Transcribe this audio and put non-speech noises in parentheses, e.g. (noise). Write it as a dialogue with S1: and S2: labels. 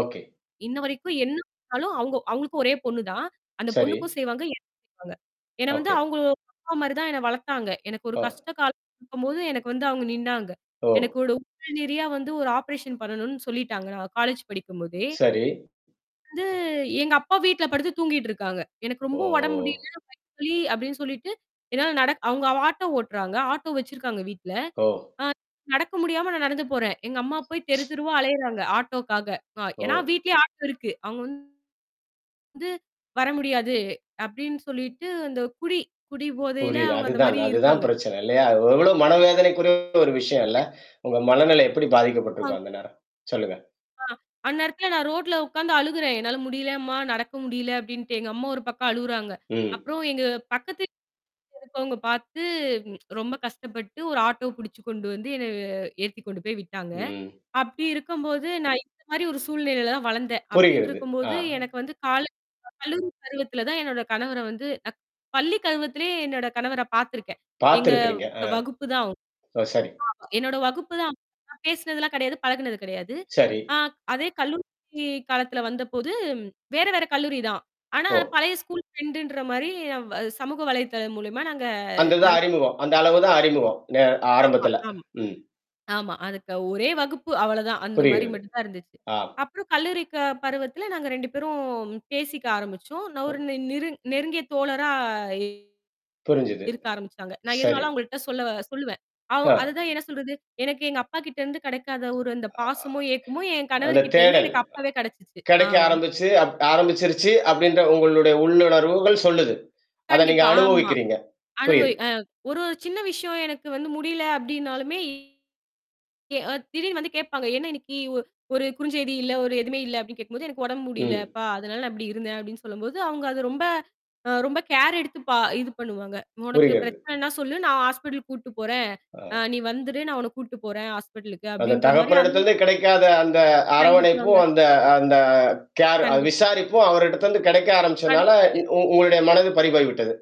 S1: Okay.
S2: இன்னவரைக்கும் என்ன குடு அவுங்க, அவுங்களுக்கு ஒரே பொண்ணுதான். அந்தப்
S1: சரி.
S2: பொண்ணுக்கும் செய்வாங்க எனக்கும் செய்வாங்க. ஏன்னா வந்து
S1: ஓகே.
S2: அவுங்க அப்பா (unintelligible) மாதிரிதான் வளர்த்தாங்க. எனக்கு ஒரு
S1: ஓ!
S2: கஷ்டகாலம் இருக்கும்போது எனக்கு வந்து அவுங்க நின்னாங்க.
S1: ஓ!
S2: எனக்கு ஒரு நிறையா (unintelligible) வந்து ஒரு ஆப்ரேஷன் பண்ணனுன்னு சொல்லிட்டாங்க. நான் காலேஜ் படிக்கும்போதே!
S1: சரி.
S2: வந்து, எங்க அப்பா வீட்ல படுத்துத் தூங்கிட்டு இருக்காங்க. எனக்கு ரொம்ப உடம்பு முடியல.
S1: ஓ!
S2: வயிறு வலி அப்பிடின்னு சொல்லிட்டு என்னால நடக் அவுங்க வ ஆட்டோ ஓட்டுறாங்க. ஆட்டோ வச்சிருக்காங்க வீட்ல.
S1: ஓ!
S2: ஆ நடக்க முடியாம நான் நடந்து போறேன். எங்க அம்மா போய்த்
S1: (tsk)
S2: தெருத்தெருவா அலையுறாங்க, ஆட்டோவுக்காக. ஏன்னா
S1: ஓ!
S2: வீட்டிலேயே ஆட்டோ இருக்கு. அவுங்க வந்து, வந்து வர முடியாது அப்பிடின்னு சொல்லிட்டு அந்தக் குடி, குடிபோதையில
S1: புரியுது.
S2: அவுங்க
S1: அதுதான்.
S2: அந்தமாரி
S1: அதுதான்
S2: இருக்காங்க.
S1: பிரச்சனை இல்லயா? எவ்ளோ மனவேதனைக்குரிய ஒரு விஷயம் இல்ல. உங்க மனநிலை எப்பிடி
S2: கண்டிப்பாங்க.
S1: பாதிக்கப்பட்டுருக்கும் அந்த நேரம், சொல்லுங்க.
S2: அ அந்த நேரத்துல நான் ரோட்ல உக்காந்து அழுகிறேன். என்னால முடியலம்மா! நடக்க முடியல அப்பிடின்ட்டு. எங்க அம்மா ஒரு பக்கம் அழுவுறாங்க.
S1: ம்.
S2: அப்புறம் எங்க பக்கத்து வீட்ல இருக்கவங்க பாத்து (tsk) ம் ரொம்ப கஷ்டப்பட்டு ஒரு ஆட்டோவ புடிச்சுகொண்டு வந்து என்ன அ ஏத்தி கொண்டு போய் விட்டாங்க.
S1: ம், ம்.
S2: அப்பிடி இருக்கும்போது நான் இந்த மாதிரி ஒரு சூழ்நிலையில வளர்ந்தேன். அப்பிடின்டு
S1: புரிகிறது. ஆ.
S2: இருக்கும்போது எனக்குக் கால கல்லூரி பருவத்துல தான் என்னோட கணவர வந்து அக் பள்ளி பருவத்திலேயே என்னோட கணவரப் பாத்துருக்கேன். எங்க
S1: பாத்துருக்குறீங்க. ஆ.
S2: வகுப்பு தான் அவுங்க.
S1: அ சரி.
S2: ஆமா. என்னோட வகுப்பு தான். அப்போ பேசுனது எல்லாம் கிடையாது. பழகுனது கிடையாது.
S1: சரி.
S2: ஆ, அதே கல்லூரி காலத்துல வந்தபோது வேற வேற கல்லூரி தான். ஆனா
S1: ஓ!
S2: பழைய ஸ்கூல் ஃபிரண்டுன்றமாரி வ சமூக வலைத்தளம் மூலமா நாங்க
S1: அந்ததான்
S2: நல்ல
S1: அறிமுகம். அந்த அளவுதான் அறிமுகம். நே
S2: ஆமா,
S1: ஆரம்பத்துல.
S2: ஆமா.
S1: ம்.
S2: ஆமா. அதுக்கு ஒரே வகுப்பு. அவ்ள தான். அந்தமாரி
S1: புரிகிறது.
S2: மட்டும் தான் இருந்துச்சு.
S1: அ.
S2: அப்புறம் கல்லூரி க பருவத்துல நாங்க 2 பேரும் பேசிக்க ஆரம்பிச்சோம். நான் ஒரு நிரு நெருங்கிய தோழரா
S1: புரிஞ்சுது.
S2: இருக்க ஆரம்பிச்சாங்க. நான்
S1: சரி.
S2: எதுனாலும் அவங்ககிட்ட சொல்ல சொல்லுவேன். அவ் அது
S1: அ.
S2: தான் என்ன சொல்றது? எனக்கு எங்க அப்பாக்கிட்ட இருந்து கிடைக்காத ஒரு அந்தப் பாசமும், ஏக்கமும் என்
S1: அந்த
S2: கணவர்க்கிட்ட இருந்து
S1: தேடல்
S2: எனக்கு அப்பவே கிடைச்சுச்சு. ஆ.
S1: கிடைக்க ஆரம்பிச்சு அப் ஆரம்பிச்சிருச்சு அப்பிடின்ற உங்களுடைய உள்ளுணர்வுகள் சொல்லுது. அத நீங்க
S2: கண்டிப்பா. ஆமா.
S1: அனுபவிக்கிறீங்க.
S2: அனுபவ
S1: புரியுது.
S2: அ ஒரு ஒரு சின்ன விஷயம் எனக்கு முடியல அப்பிடின்னாலுமே! அ எ திடீர்னு வந்து கேப்பாங்க. என்ன இன்னைக்கு ஒ ஒரு குறுஞ்செய்தி இல்ல. எதுவுமே இல்ல அப்பிடின்னு கேக்கும்போது, "எனக்கு உடம்பு
S1: ம்.
S2: முடியலப்பா! அதுனால நான் அப்பிடி இருந்தேன்" அப்பிடின்னு சொல்லும்போது, அது அவுங்க ரொம்ப கேர் எடுத்து பா இது பண்ணுவாங்க. உனக்கு
S1: புரிகிறது. ம்.
S2: பிரச்சனனா சொல்லு! நான் ஹாஸ்பிட்டல் கூட்டுப்போறேன். அ
S1: அ.
S2: நீ வந்துரு! நான் உன்ன கூட்டுப்போறேன் ஹாஸ்பிட்டலுக்கு
S1: அந்தத்
S2: அப்பிடின்றமாரிய அந்
S1: தகப்பனிடத்திலிருந்து கிடைக்காத அந்த அரவணைப்பும்,
S2: கண்டிப்பாங்க.
S1: அந்த அந்த கேர் அ
S2: கண்டிப்பா.
S1: விசாரிப்பும் அவரிடத்திலிருந்து கிடைக்க ஆரம்பிச்சதுனால,
S2: படுத்துட்டு
S1: உ உங்களுடைய மனது பறி போய் விட்டது.